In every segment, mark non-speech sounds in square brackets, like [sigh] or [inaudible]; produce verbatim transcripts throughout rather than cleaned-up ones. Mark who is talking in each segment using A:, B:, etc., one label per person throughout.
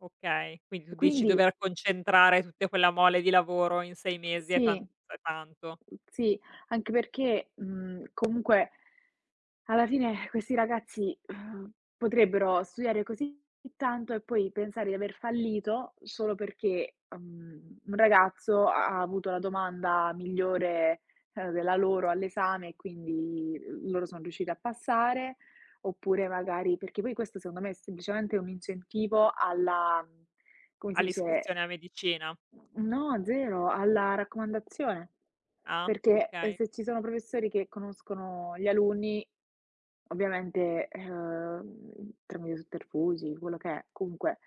A: Okay, quindi
B: E
A: tu dici
B: quindi
A: dover concentrare tutte quella mole di lavoro in sei mesi è tan
B: Sì.
A: è tanto.
B: Sì, anche perché, mhmm, comunque alla [sighs] fine questi ragazzi, uhm, potrebbero studiare così tanto e poi pensare di aver fallito solo perché, uhm, un ragazzo ha ha avuto la domanda migliore, ehm, della loro all'esame e quindi loro sono riusciti a passare, oppure magari perché poi questo secondo me è semplicemente un incentivo alla mhmm, come si dice
A: All'iscrizione a medicina.
B: No, zero, alla raccomandazione.
A: Ah,
B: Perché
A: okay.
B: se ci sono professori che conoscono gli alunni, ovviamente, uhm, tramite i sotterfugi, quello che è comunque,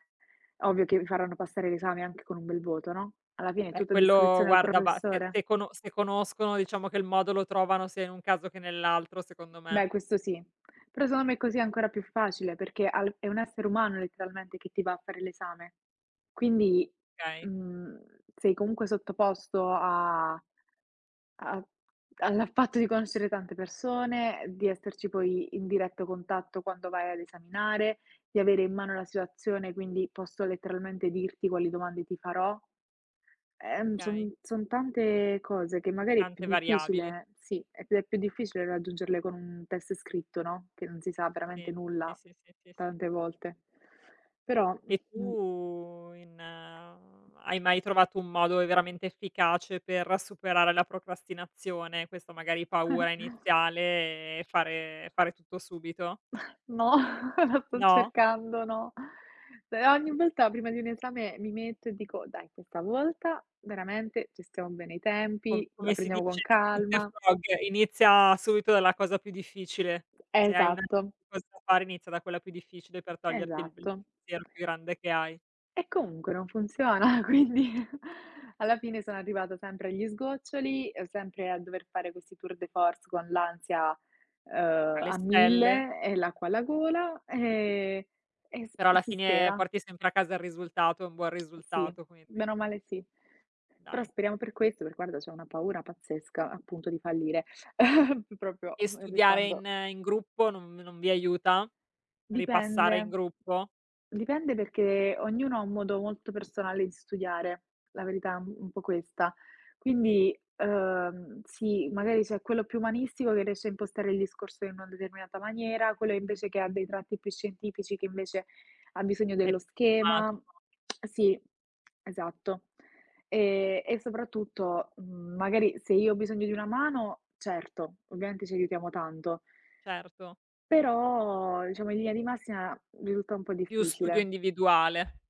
B: ovvio che vi faranno passare l'esame anche con un bel voto, no, alla fine,
A: Vabbè,
B: tutto a
A: quello
B: discrezione del
A: guarda ba se
B: professore.
A: se cono se conoscono, diciamo che il modo lo trovano sia in un caso, che nell'altro secondo me.
B: Beh, questo sì. Però secon me così è ancora più facile, perché ha l è un essere umano letteralmente che ti va a fare l'esame. Quindi,
A: kay.
B: mhmm, sei comunque sottoposto a a al fatto di conoscere tante persone, di esserci poi in diretto contatto quando vai ad esaminare, di avere in mano la situazione, quindi posso letteralmente dirti quali domande ti farò. Ehm,
A: Okay.
B: son son tante cose che magari è più
A: Tante variabili.
B: difficile Sì, è più più difficile raggiungerle con un test scritto, no, che non si sa veramente
A: Sì, sì,
B: nulla
A: sì, sì, sì, sì.
B: tante volte. Però,
A: E
B: mh
A: tu in hai mai trovato un modo veramente efficace per superare la procrastinazione, questa magari paura
B: [chuckles]
A: iniziale, e fare e fare tutto subito?
B: No, la sto
A: No?
B: cercando, no. Però, ogni volta, prima di un esame, mi metto e dico, dai, questa volta veramente gestiamo bene i
A: Co
B: tempi, la
A: come si
B: prendiamo con
A: dice
B: calma.
A: [unintelligible] inizia subito dalla cosa più difficile. Se hai [unintelligible] una
B: Esatto.
A: cosa da fare inizia da quella più difficile per toglierti il
B: Esatto.
A: pensiero più grande che hai.
B: E comunque non funziona, quindi alla fine sono arrivata sempre agli sgoccioli, sempre a dover fare questi tour de force, con l'ansia, uhm,
A: Alle
B: a
A: stelle.
B: mille e l'acqua alla gola, ehm, e s
A: Però alla
B: si
A: fine,
B: spera.
A: porti sempre a casa il risultato e un buon
B: Sì,
A: risultato quindi.
B: bene o male sì. Però
A: Dai.
B: speriamo per questo, per guarda, c'ho una paura pazzesca, appunto, di fallire, [giggles] propio
A: E studiare
B: restando
A: in in
B: mh.
A: gruppo non non vi aiuta? Ripassare in
B: Dipende,
A: gruppo?
B: dipende perché ognuno ha un modo molto personale di studiare, la verità è un po' questa.
A: Sì.
B: Quindi, uhm, sì, magari c'è quello più umanistico, che riesce a impostare il discorso in una determinata maniera, quello invece che ha dei tratti più scientifici, che invece ha bisogno
A: È
B: dello
A: p
B: schema.
A: schematico.
B: [smacks lips] Sì, esatto. Eh, e soprattutto, mhmm magari, se io ho bisogno di una mano, certo, ovviamente ci aiutiamo tanto
A: Certo.
B: però, diciamo, in linea di massima risulta un po'
A: Più studio
B: difficile.
A: individuale.